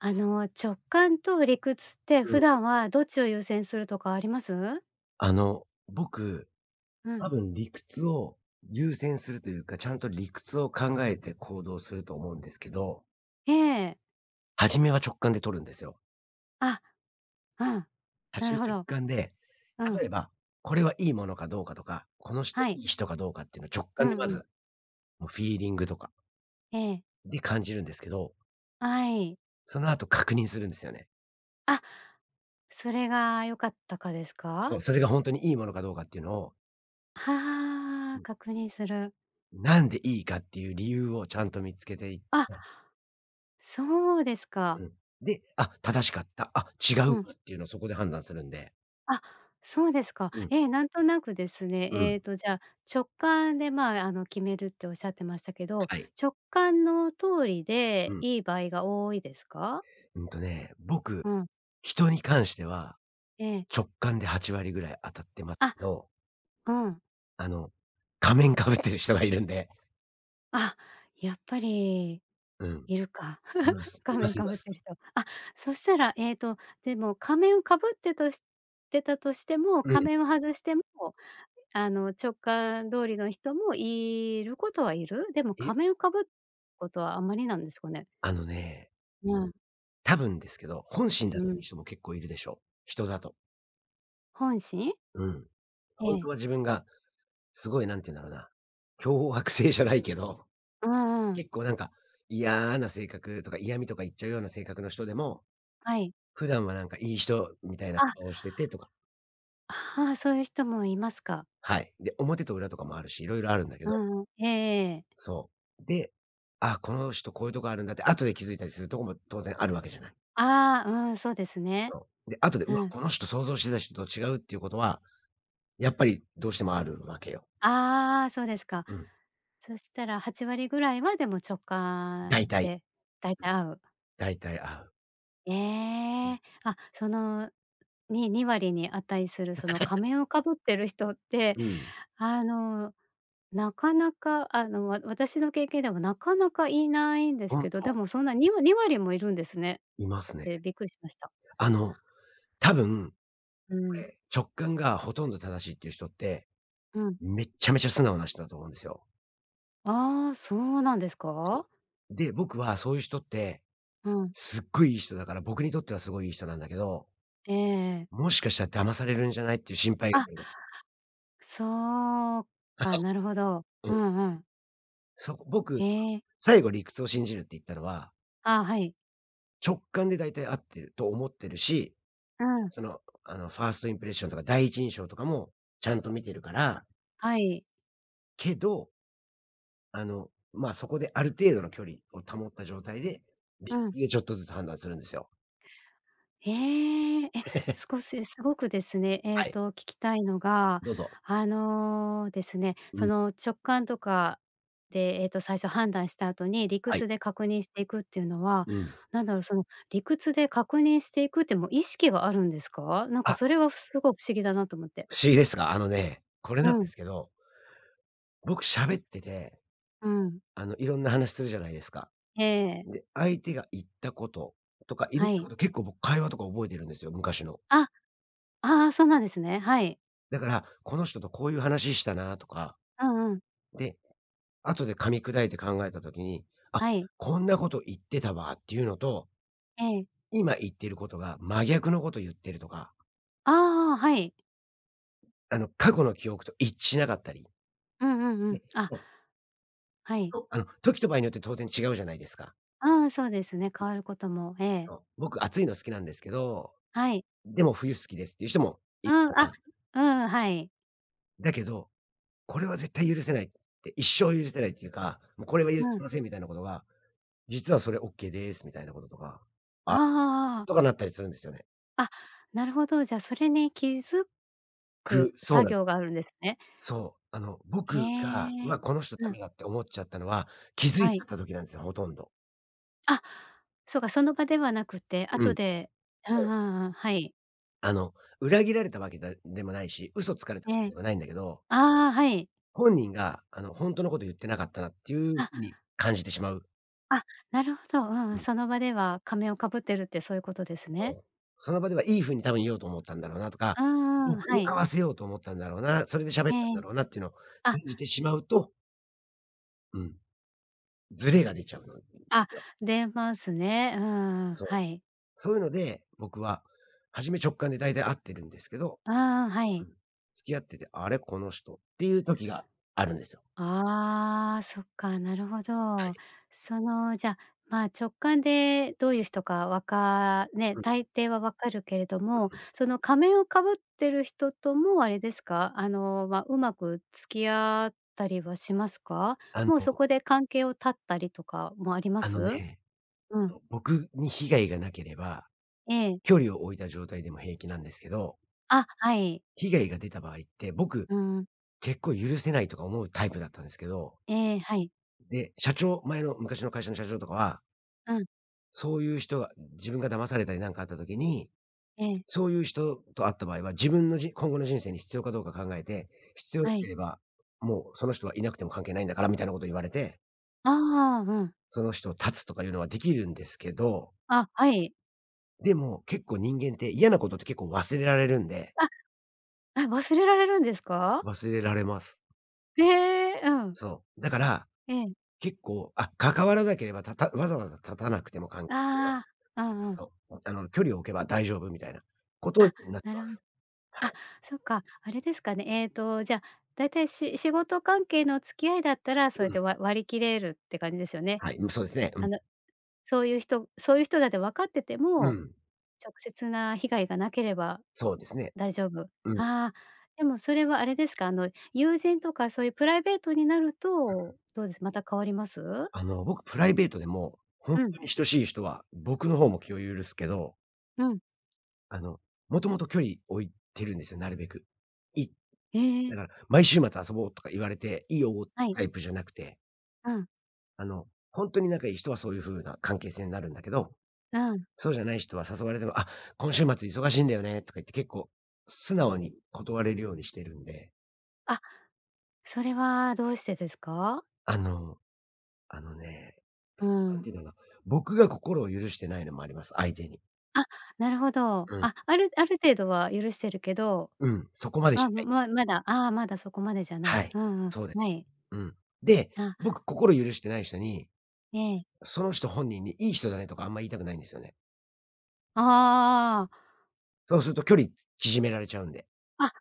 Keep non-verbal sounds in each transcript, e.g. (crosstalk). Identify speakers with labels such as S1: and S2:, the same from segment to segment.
S1: あの、直感と理屈って、
S2: うん。
S1: 普段はどっちを優先するとかあります？
S2: あの、僕、
S1: うん。
S2: 多分理屈を優先するというか、ちゃんと理屈を考えて行動すると思うんですけど
S1: ええ。
S2: 初めは直感で取るんですよ。
S1: あ。うん。な
S2: 初め
S1: るほ
S2: 直
S1: ど。
S2: 感で、
S1: うん。
S2: 例えば、これはいいものかどうかとか、この人、
S1: はい。
S2: いい人かどうかっていうのを直
S1: う
S2: 感で
S1: ん
S2: ま
S1: うん。
S2: ず、のフィーリングとか
S1: ええ。
S2: で、感じるんですけど。
S1: あい。
S2: その後、確認するんですよね。
S1: あ。それが良かったかです
S2: そ
S1: か？
S2: う、それがほんとにいいものかどうかっていうのを
S1: は
S2: う
S1: あ、
S2: ん。
S1: 確認する。
S2: なんでいいかっていう理由をちゃんと見つけていっ
S1: あ。
S2: て。
S1: そうですか。
S2: うん、で「あ、正しかった。あ、違う
S1: う
S2: ん
S1: ん。
S2: だ」っていうのをそこで判断するんで。
S1: あ、そうですか。
S2: うん。
S1: え、なんとなくですね、
S2: う
S1: え
S2: ん。
S1: っと、じゃあ、直感で、ま、あの、決めるっておっしゃってましたけど、
S2: はい。
S1: 直感の通り
S2: う
S1: で
S2: ん。
S1: いい場合が多いですか？
S2: うんとね、僕、
S1: うん。
S2: 人に関しては
S1: ええ。
S2: 直感で8割ぐらい当たってま
S1: あ、
S2: ど
S1: うん。
S2: あの、仮面かぶってる人がいるんで。
S1: あ、やっぱり、
S2: うん。
S1: いるか。
S2: いま
S1: (laughs)
S2: す。
S1: 仮
S2: いま
S1: 面
S2: すい
S1: か
S2: ま
S1: ぶって
S2: す。
S1: る人。あ、そしたら、えっと、でも、仮面をかぶってとしてたとしても、
S2: う
S1: 仮
S2: ん。
S1: 面を外しても、あの、直感通りの人もいることはいる？でも、
S2: え。
S1: 仮面をかぶことはあまりなんですかね。
S2: あのね
S1: うん。
S2: 多分ですけど、本心だ
S1: う
S2: って
S1: ん。
S2: いう人も結構いるでしょう。人だと。
S1: 本心？
S2: うん。
S1: え
S2: 本当
S1: え。
S2: は自分が、すごい何て言うんだろうな。強迫性じゃないけど、
S1: ううーん。
S2: 結構、なんか、いやあな性格とか嫌みとか言っちゃうような性格の人でも、
S1: はい。
S2: 普段はなんか、いい人みたいなこ
S1: あ。
S2: とをしててとか。
S1: ああ、そういう人もいますか？
S2: はい。で、表と裏とかもあるし、色々あるんだけ
S1: う
S2: ど。
S1: んうん。ええ。
S2: そう、で、あ、この人こういうとこあるんだって、後で気づいたりするとこも当然あるわけじゃない。
S1: ああ、うん。そうですね。
S2: そう、で、後で、う
S1: う
S2: わ、
S1: ん。
S2: この人想像してた人と違うっていうことは、やっぱりどうしてもあるわけよ。
S1: ああ、そうですか。
S2: うん。
S1: そしたら、8割ぐらいは、でも、直感
S2: 大体。
S1: でだいたい合う。
S2: 大体合う。
S1: え
S2: うん。
S1: え、あ、その、に2割に値する、その
S2: (laughs)
S1: 仮面をかぶってる人って、
S2: うん。
S1: あの、なかなかあの、わた私の経験でも、なかなかいないんです
S2: 本
S1: けど。で
S2: 当。
S1: もそんな、にわ2割もいるんですね。
S2: いますね。
S1: で、びっくりしました。
S2: あの多分、
S1: う
S2: こ
S1: ん。
S2: れ、直感がほとんど正しいっていう人って、
S1: うん。
S2: めっちゃめちゃ素直な人だと思うんですよ。
S1: ああ、そうなんですか？
S2: そう。で、僕はそういう人って、
S1: うん。
S2: すっごいいい人だから、僕にとってはすごい、いい人なんだけど
S1: ええええ。
S2: もしかしたら騙されるんじゃない、っていう心配が
S1: あ、
S2: (unintelligible)
S1: そうか、なるほど。
S2: (laughs) う
S1: う
S2: ん。
S1: んうん。
S2: そう、僕、
S1: へえ。
S2: 最後理屈を信じるって言ったのは
S1: あ、はい。
S2: 直感で大体合ってると思ってるし、
S1: うん。
S2: その、あの、ファーストインプレッションとか第一印象とかも、ちゃんと見てるから
S1: はい。
S2: けどあの、まあ、そこである程度の距離を保った状態で
S1: う
S2: り
S1: ん。
S2: いえ、ちょっとずつ判断するんですよ。
S1: ええ、え。
S2: (laughs)
S1: 少しすごくですね、ええ
S2: はい。
S1: と、聞きたいのが、
S2: どうぞ。
S1: あの、ですね、
S2: う
S1: そ
S2: ん。
S1: の直感とか、で、ええと最初判断した後に、理
S2: はい。
S1: 屈で確認していくっていうのは、
S2: うん。
S1: 何だろう、その理屈で確認していくっても、意識があるんですか？なんか、
S2: あ。
S1: それがふすごく不思議だなと思って。
S2: 不思議ですが、あのね、これ
S1: う
S2: なんで
S1: ん。
S2: すけど僕喋ってて、
S1: うん。
S2: あの色んな話するじゃないですか。
S1: ええええ。
S2: で、相手が言ったこと、とか色ん
S1: は
S2: な
S1: い。
S2: こと、結構僕、会話とか覚えてるんですよ、昔の。
S1: あっ、ああ、そうなんですね、はい。
S2: だから、この人とこういう話したな、とか。
S1: うんうん。
S2: で、後で噛み砕いて考えた時に、あっ、
S1: はい。
S2: こんなこと言ってたわ、っていうのと
S1: ええ。
S2: 今言ってることが、真逆のことゆってるとか。
S1: ああああ。はい。
S2: あの過去の記憶と、一致しなかったり。
S1: うんうんうん。
S2: で、
S1: あ、
S2: もう
S1: はい。
S2: そう、あの、時と場合によって当然違うじゃないですか。
S1: ああ、そうですね、変わることも、ええ。
S2: そう、僕暑いの好きなんですけど、
S1: はい。
S2: でも冬好きですっていう人もい
S1: う
S2: っ
S1: ん。
S2: か
S1: あ、
S2: ら。
S1: うんうん。はい。
S2: だけど、これは絶対許せないって、一生許せないっていうか、もうこれは許す
S1: うん。
S2: ませんみたいなことが、実はそれオッケーです、みたいなこととか、「あ？」
S1: ああ。
S2: とかなったりするんですよね。
S1: あ、なるほど、じゃそれに気づ
S2: く
S1: く
S2: そう
S1: 作
S2: なんで
S1: 業があるんですね。
S2: す。そう。あの、
S1: へ
S2: 僕が
S1: ー
S2: 「う
S1: え、
S2: わ、この人ダ
S1: うん。
S2: メだ」って思っちゃったのは気づ
S1: は
S2: いて
S1: い。
S2: た時なんすよ。ほとんど。
S1: あ、そうか、その場ではなくて。
S2: う
S1: 後
S2: ん。
S1: で、う
S2: そう
S1: ん
S2: で
S1: う
S2: す。
S1: んうん、はい。
S2: あの、裏切られたわけだでもないし、嘘つかれた
S1: え
S2: わけ
S1: え。
S2: でもないんだけど
S1: ああ、はい。
S2: 本人があの、ほんとのこと言ってなかったなっていう
S1: あ。
S2: 風に感じてしまう
S1: あ、なるほど。うんうん。
S2: うん。
S1: その場では仮面をかぶってるってそういうことです
S2: そ
S1: ね。
S2: う、その場ではいい風に多分言おうと思ったんだろうなとか、
S1: うんうん、
S2: 僕
S1: は
S2: に
S1: い。
S2: 合わせようと思ったんだろうな、それで喋
S1: え
S2: ったん
S1: え、
S2: だ
S1: ん。
S2: ろうなっていうのを
S1: あ。
S2: 感じてしまうとうん。ズレが出ちゃうの (unintelligible)
S1: あ、
S2: よ。
S1: 出ますね、うんうん、
S2: そ
S1: は
S2: う。
S1: い。
S2: そういうので、僕は初め直感で大体合ってるんですけど
S1: うんうん、は
S2: う
S1: い。
S2: ん。付き合ってて、あれこの人っていう時があるんですよ。
S1: ああ、そっか、なるほ
S2: は
S1: ど。
S2: い。
S1: そのじゃ、まあ直感でどういう人かわか、ね、
S2: うん。
S1: 大抵は分かるけれど
S2: う
S1: も、
S2: ーん。
S1: その仮面をかぶってる人ともあれですか？あの、ま、うまく付き合ったりはしますか？
S2: あ
S1: もうそ
S2: の
S1: こで関係を断ったりとかもありま
S2: あの
S1: す？
S2: ね、
S1: うん。
S2: と、僕に被害がなければ、
S1: ええ。
S2: 距離を置いた状態でも平気なんですけど
S1: あ、はい。
S2: 被害が出た場合って、僕、
S1: うん。
S2: 結構許せないとか思うタイプだったんですけど
S1: ええ、はい。
S2: で、社長前の昔の会社の社長とかは
S1: うん。
S2: そういう人が自分が騙されたり、何かあった時に、
S1: ええ。
S2: そういう人と会った場合は、自分の、じ今後の人生に必要かどうか考えて、必要な
S1: は
S2: け
S1: い。
S2: れば、もう、その人はいなくても関係ないんだからみたいなことを言われて。
S1: ああ、うん。
S2: その人を断つとかいうのはできるんですけど。
S1: あ、はい。
S2: でも、結構人間って嫌なことって結構忘れられるんで
S1: あ。あ、忘れられるんですか？
S2: 忘れられます。
S1: へえ、うん。
S2: そう。だから、
S1: ええ。
S2: 結構、あ、関わらなければ、たわざわざ断たなくても関係を。
S1: ああ、あうん。
S2: そう。あの、距離を置けば大丈夫みたいなこと
S1: あ、
S2: になって
S1: な
S2: ま
S1: るほ
S2: す。は
S1: あ、
S2: い。
S1: そっか。あれですかね、えっと、じゃあ、大体、し仕事関係の付き合いだったら、そう
S2: う
S1: やっ
S2: ん。
S1: て、わ割り切れるって感じですよね。
S2: はい。うん、そうですね。う
S1: あ
S2: ん。
S1: の、そういう人そういう人だって分かってて
S2: う
S1: も、
S2: ん。
S1: 直接な被害がなければ
S2: そうですね。
S1: 大丈夫。
S2: うん。
S1: ああ。でも、それは、あれですか、あの、友人とか、そういうプライベートになる
S2: う
S1: と、
S2: ん。
S1: どうです、また変わります？
S2: あの、僕プライベートでも、本
S1: うん。
S2: 当に親しい人は、僕の方も気を許すけど
S1: うん。
S2: あの、元々距離、置いてるんですよ、なるべく。い
S1: ええ。
S2: だから毎週末遊ぼうとか言われて、いいよ
S1: はい。
S2: タイプじゃなくて
S1: うん。
S2: あの、ほんとに仲いい人はそういう風な関係性になるんだけど。
S1: うん。
S2: そうじゃない人は誘われても「あ、今週末忙しいんだよね」とか言って結構、素直に断れるようにしてるんで。
S1: あ、それはどうしてですか？
S2: あの、あのね、
S1: う
S2: 何
S1: ん。
S2: て言うんなな、僕が心を許してないのもあります、相手に。
S1: あ、なるほど。
S2: うん。
S1: あ、あるある程度は許してるけど、
S2: うん、そこまでじ
S1: あ、
S2: ゃな
S1: ま
S2: い。
S1: ままだ、あ、まだそこまでじゃな
S2: は
S1: い。う
S2: い、
S1: んう
S2: そうで
S1: ん、はい。
S2: うん。で、
S1: あ
S2: 僕心許してない人に、
S1: ええ。
S2: その人本人に「いい人だね」とかあんま言いたくないんですよね。
S1: ああ。
S2: そうすると距離縮められちゃうんで。
S1: あ。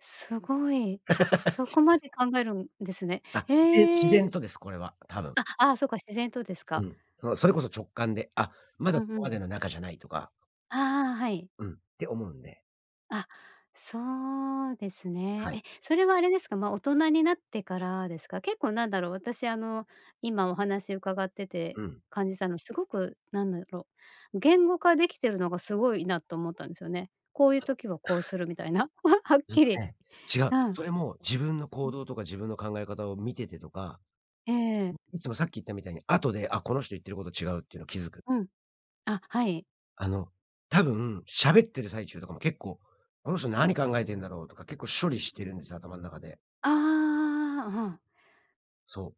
S1: すごい、
S2: (laughs)
S1: そこまで考えるんですね。
S2: あ、自然自
S1: ええ。
S2: 然とです、これは多分。
S1: あ、ああ、そうか、自然とですか。
S2: うん。そう、それこそ直感で、あ、ま
S1: う
S2: だ、
S1: んう
S2: こま
S1: ん。
S2: での中じゃないとか
S1: ああ、はい。
S2: うん、て思うんで。
S1: あ、そうですね。
S2: はい。
S1: え、それは、あれですか？ま、大人になってからですか？結構なんだろう、私、あの、今お話伺ってて
S2: うん。
S1: 感じたの、すごくなんだろう、言語化できてるのがすごいなと思ったんすよね。こういう時はこうするみたいな、(chuckles) はっ
S2: うん
S1: き
S2: と
S1: り。
S2: ね、違う、
S1: うん。
S2: それも、自分の
S1: う
S2: 行
S1: ん。
S2: 動とか自分の考え方を見ててとか、
S1: ええ。
S2: ん、いつもさっき言ったみたいに、あとで「あ、この人言ってること違う」っていうの気づく。
S1: うん。あ、はい。
S2: あの、多分、喋ってる最中とかも、結構「この人、何考えてんだろう？」とか、結構処理してるんですよ、頭ん中で。
S1: ああ、うん。
S2: そ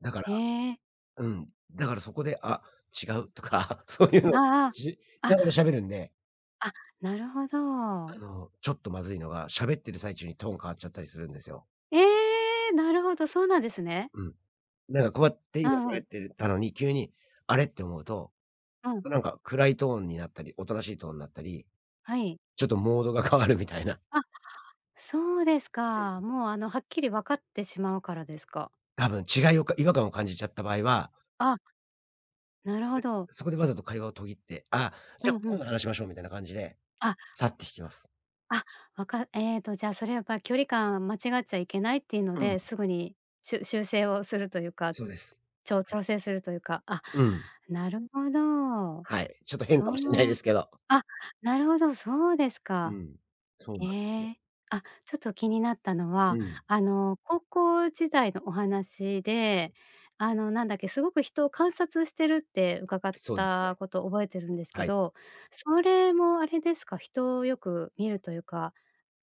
S2: う、だから、
S1: へえ。
S2: うん、だから、そこで「あ、違う」とか、そういうの、
S1: あ
S2: し
S1: あ、あ、
S2: ながら喋るんで
S1: あ、なるほ
S2: あ
S1: ど。
S2: の、ちょっとまずいのが、喋ってる最中にトーン変わっちゃったりするんですよ。
S1: ええ！なるほど、そうなんですね。
S2: うん。なんかこうやっ
S1: う
S2: て、
S1: んうん。
S2: (unintelligible) たのに、急に「あれ？」って思うと、
S1: うん。
S2: なんか、暗いトーンになったり、おとなしいトーンなったり、
S1: はい。
S2: ちょっとモードが変わるみたいな。
S1: あ、そうですか。もう、あの、はっきり分かってしまうからですか？
S2: 多分違いを、か違和感を感じちゃった場合は
S1: あなるほ
S2: (unintelligible)
S1: ど。
S2: そこでわざと会話を途切って「あ、
S1: う
S2: じ
S1: ん
S2: ゃあ、
S1: う
S2: 今
S1: ん。
S2: 度話しましょう」みたいな感じで
S1: あ。
S2: 去って行きます。
S1: あ、わかええと、じゃあ、それやっぱ距離感間違っちゃいけないっていうの
S2: うん。
S1: で、すぐに、しゅ修正をするというか、
S2: そうです。
S1: ちょう
S2: はい。
S1: 調整するというか、あ、
S2: うん。
S1: なるほど、
S2: はい、ちょっと変
S1: そ
S2: かもしんないで
S1: う
S2: すけど。
S1: あ、なるほどそうです
S2: う
S1: か。
S2: ん、そうな
S1: え
S2: んすよ。
S1: え、あ、ちょっと気になったの
S2: う
S1: は、
S2: ん。
S1: あの、高校時代のお話で、あの、なんだっけ、すごく人を観察してるって伺っ
S2: そうです
S1: た
S2: ね。
S1: こと覚えてるんですけ
S2: はい。
S1: ど、それもあれですか？人をよく観るというか、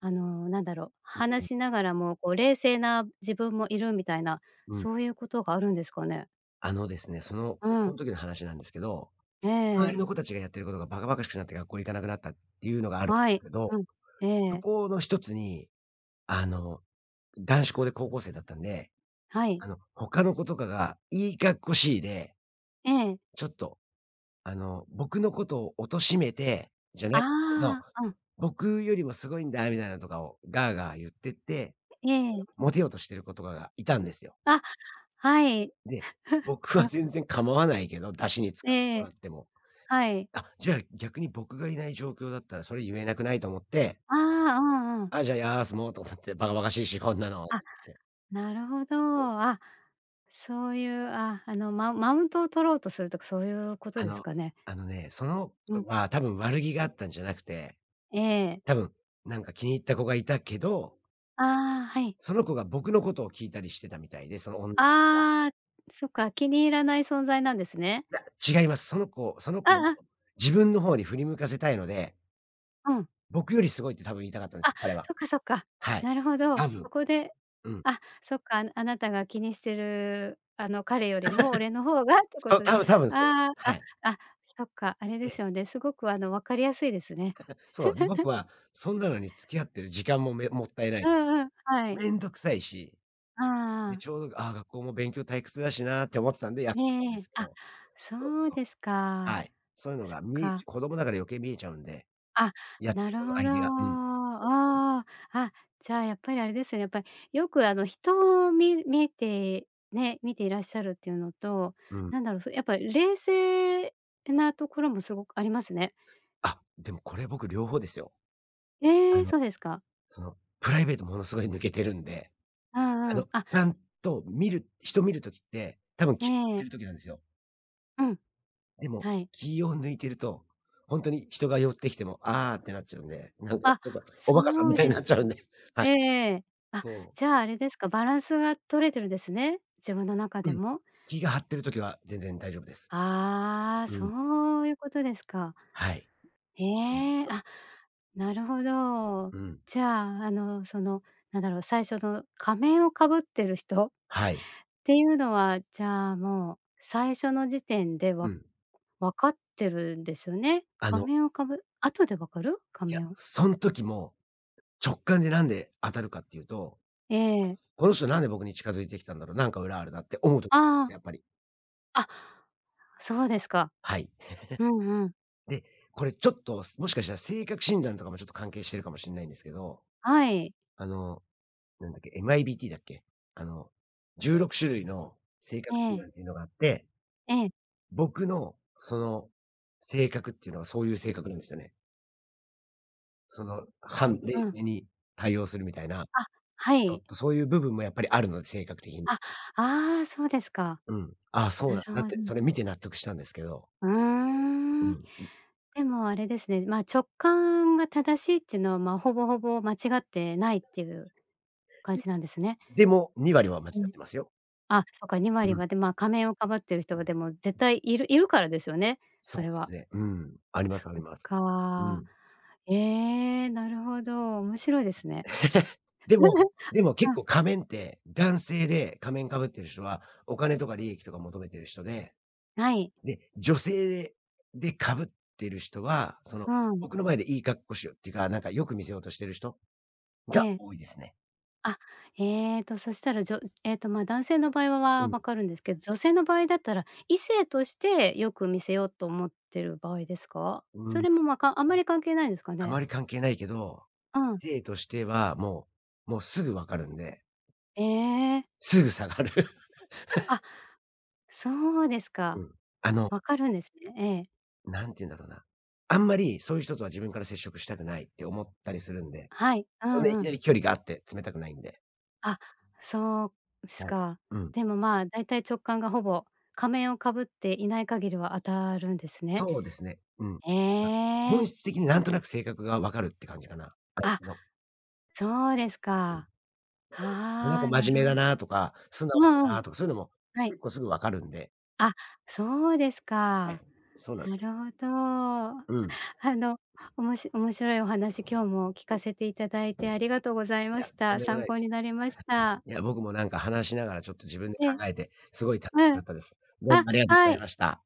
S1: あの、なんだろう、
S2: うん、う
S1: 話
S2: ん。
S1: しながらもこう、冷静な自分もいるみたいな、
S2: うん。
S1: そういうことがあるんですかね？
S2: あのですね、その、
S1: う
S2: 高校
S1: ん。
S2: の時の話なんですけど。
S1: え
S2: 周
S1: え。
S2: りの子たちがやってることがバカバカしくなって学校行かなくなったっていうのがある
S1: はい。
S2: けど、
S1: うん。え
S2: そ
S1: え。
S2: この一つに、あの、男子校で高校生だったんで、
S1: はい。
S2: あの、ほかの子とかがいいかっこしいで、
S1: ええ。
S2: ちょっとあの、僕のことを貶めてじゃないど、
S1: ああ、うん。
S2: 僕よりもすごいんだみたいなとかをガーガー言ってって
S1: ええ。
S2: モテようとしてる子とかがいたんですよ。
S1: あ、はい。
S2: で、僕
S1: (giggles)
S2: は
S1: あ
S2: 全然構わないけど、ダシに使って
S1: え
S2: も
S1: え。
S2: らっても。
S1: はい。
S2: あ、じゃあ、逆に僕がいない状況だったらそれ言えなくない、と思って
S1: ああ、うんうん。
S2: あ、じゃ、休もう、と思って、バカバカしいし、こんなのっ
S1: あ、
S2: て。
S1: なるほど。
S2: そう。
S1: あ、そういう、あ、あの、ママウントを取ろうとするとかそういうこと
S2: あ
S1: です
S2: の、
S1: かね？
S2: あのね、その
S1: うん。
S2: 子は多分悪気があったんじゃなくて、
S1: ええ。
S2: 多分なんか気に入った子がいたけど
S1: ああ、はい。
S2: その子が僕のことを聞いたりしてたみたいで、そのおん (unintelligible)
S1: ああ、そっか、気に入らない存在なんですね。
S2: いや、違います。その子その
S1: あ
S2: 子のこ
S1: あ、あ。
S2: と自分の方に振り向かせたいので
S1: うん。
S2: 僕よりすごいって多分言いたかったんです。
S1: あ。
S2: 彼は。
S1: そっか、そっか。
S2: はい。
S1: なるほど。
S2: 多分。
S1: そこで、
S2: うん。
S1: あ、そっか、あなあなたが気にしてる、あの、彼より
S2: (laughs)
S1: も俺の方がってこ
S2: そう、
S1: とで、
S2: たぶ多分そう。
S1: ああ、
S2: はい。
S1: あ、あ、そっか、あれ
S2: え
S1: です
S2: え。
S1: よね。すごくあの、分かりやすいですね。
S2: (laughs) そう。ん、僕
S1: (giggles)
S2: はそんなのに付き合ってる時間も、めもったいな
S1: う
S2: い。
S1: んうん、はい。
S2: めんどくさいし、
S1: ああ
S2: で、
S1: ああ。
S2: ちょうど、あ、学校も勉強退屈だしなって思ってたんで、休
S1: ええ
S2: んだんで
S1: ええ、
S2: すけ
S1: あ、
S2: ど。そう
S1: そう
S2: そう。
S1: ですか。
S2: はい。そういうの
S1: そ
S2: が
S1: っ
S2: 見え
S1: か。
S2: ち子供だから余計に見えちゃうんで、
S1: あ、
S2: やって
S1: な
S2: る
S1: る
S2: こと、
S1: ほ
S2: 相
S1: ど。
S2: 手が、うん。そうそう。
S1: おお。あ、じゃあ、やっぱりあれですよね。やっぱり、よくあの、人をみ見てね見ていらっしゃるっていうのと、
S2: うん。
S1: なんだろう、そやっぱ冷静てなところもすごくありますね。
S2: あ、でもこれ僕両方ですよ。
S1: え
S2: あ
S1: え、
S2: の、
S1: そうですか。
S2: その、プライベートものすごい抜けてるんで。
S1: うん
S2: あ
S1: う
S2: の、ち
S1: ん、あ。
S2: ゃんと見る人見る時って、多分、
S1: え
S2: 気を張って
S1: え。
S2: る時なんですよ。
S1: うん、
S2: でも、
S1: はい。
S2: 気を抜いていると、ほんとに人が寄ってきても、「ああ」ってなっちゃうんで、なんか
S1: あ、
S2: ちょっとおバカさん
S1: そ
S2: み
S1: う
S2: たい
S1: で
S2: にな
S1: す
S2: っち
S1: か。
S2: ゃうんで、はい。
S1: ええええ、あ、
S2: と
S1: じゃあ、あれですか？バランスが取れてるんですね、自分の中で
S2: うん、
S1: も？
S2: 気が張ってる時は全然大丈夫です。
S1: ああ、
S2: うん。
S1: そういうことですか。
S2: はい。
S1: ええ。
S2: (unintelligible)
S1: あ、なるほど。
S2: うん。
S1: じゃあ、あの、その、なんだろう、最初の、仮面を被ってる人っ
S2: はい。
S1: ていうのは、じゃあ、もう最初の時点で、
S2: う
S1: わ
S2: ん。
S1: 分かってるんですよね。
S2: あ
S1: 仮
S2: の
S1: 面をかぶ後で分かる？仮
S2: いや、
S1: 面
S2: そん時も、直感でなんで当たるかっていうと、
S1: ええ。
S2: 「この人なんで僕に近づいてきたんだろう？なんか裏あるな」って思うと
S1: あ
S2: すと、
S1: あ。
S2: やっぱり
S1: あ、そうですか。
S2: はい。
S1: うんうん。
S2: (chuckles) で、これちょっと、すもしかしたら性格診断とかもちょっと関係してるかもしんないんですけど、
S1: はい。
S2: あの、なんだっけ？MIBTだっけ？あの、16種類の性
S1: え
S2: 格診
S1: え。
S2: 断っていうのがあって
S1: ええ。
S2: 僕のその性格っていうのは、そういう性格なんですよね。その反
S1: う
S2: 冷
S1: ん。
S2: 静に対応するみたいな、
S1: あ、は
S2: ちょっ
S1: い。
S2: と、そういう部分もやっぱりあるので、性格的に。
S1: あ、ああ。そうですか。
S2: うん、あ、そう
S1: な
S2: だ。
S1: る
S2: だっ
S1: ほ
S2: て、そ
S1: ど。
S2: れ見て納得したんですけど。
S1: うー
S2: う
S1: ん。
S2: んうん。
S1: でも、あれですね、まあ、直感が正しいっていうのは、まあ、ほぼほぼ間違ってないっていう感じなんですね。
S2: ん。でも、2割は間違
S1: う
S2: っ
S1: ん。
S2: てますよ。
S1: あ、そうか。2割
S2: うん。
S1: まで。まあ、仮面をかぶっている人はでも絶対いるいるからですよね、そ
S2: そう
S1: れ
S2: で
S1: は。
S2: すね。うん。ありま
S1: そ
S2: すあり
S1: っ
S2: ます。う
S1: か。
S2: ん。
S1: ええ。なるほど、面白いですね。
S2: (laughs) でも
S1: (laughs)
S2: でも、結
S1: うん。
S2: 構仮面って男性で仮面かぶってる人はお金とか利益とか求めている人で、
S1: はい。
S2: で、女性でかぶってる人は、その、
S1: うん。
S2: 僕の前でいい格好しようっていうか、なんかよく見せようとしてる人
S1: え
S2: が
S1: え。
S2: 多いですね。
S1: あ。えっと、そしたら、じょえっと、ま、男性の場合
S2: う
S1: は
S2: ん。
S1: 分かるんですけど、女性の場合だったら、異性としてよく見せようと思っている場合ですか？
S2: う
S1: そ
S2: ん。
S1: れも、まあ、かあんまり関係ないんですか
S2: あ
S1: ね。
S2: まり関係ないけど、
S1: うん。
S2: ていとしてはもうもう、すぐ、分かるんで。
S1: ええ。
S2: すぐ下がる。(chuckles)
S1: あ。そうです
S2: う
S1: か。
S2: ん。あの
S1: 分かるんですね。ええ。
S2: 何て言うんだろうな、あんまり、そういう人とは自分から接触したくないって思ったりするんで、
S1: はい。う
S2: そん
S1: ん
S2: ない
S1: う
S2: き
S1: ん。
S2: なり距離があって詰めたくないんで。
S1: あ。そうす
S2: はい。
S1: か。
S2: うん。
S1: でも、まあ、だいたい直感が、ほぼ仮面をかぶっていない限りは当たるんですね。
S2: そうですね。うん。
S1: え
S2: なんか、本
S1: え。
S2: 質的に何となく性格が分かるって感じかな、相
S1: あ。
S2: 手の。
S1: そうです
S2: うん。(unintelligible)
S1: か。は
S2: この子
S1: あ、な
S2: 真
S1: る
S2: 面目
S1: ほ
S2: だなとか、素
S1: う
S2: 直
S1: わ
S2: だ
S1: う、
S2: なとかそういうのも、
S1: はい。
S2: 結構すぐ分かるんで。
S1: あ。そうです
S2: は
S1: か。
S2: い、そうなんで
S1: な
S2: す。
S1: るほど。
S2: うん。
S1: あの、おもし面白いお話今日も聞かせていただいてありがとうござい
S2: い
S1: ま
S2: や、
S1: し
S2: とん
S1: た。
S2: でもな
S1: 参
S2: いで
S1: 考に
S2: す。
S1: なりました。
S2: いや、僕もなんか話しながら、ちょっと自分で
S1: ええ。
S2: 考えて、すごい楽し
S1: う
S2: か
S1: ん。
S2: ったです。どう
S1: あ、
S2: もありがとうござ
S1: は
S2: い
S1: い。
S2: ました。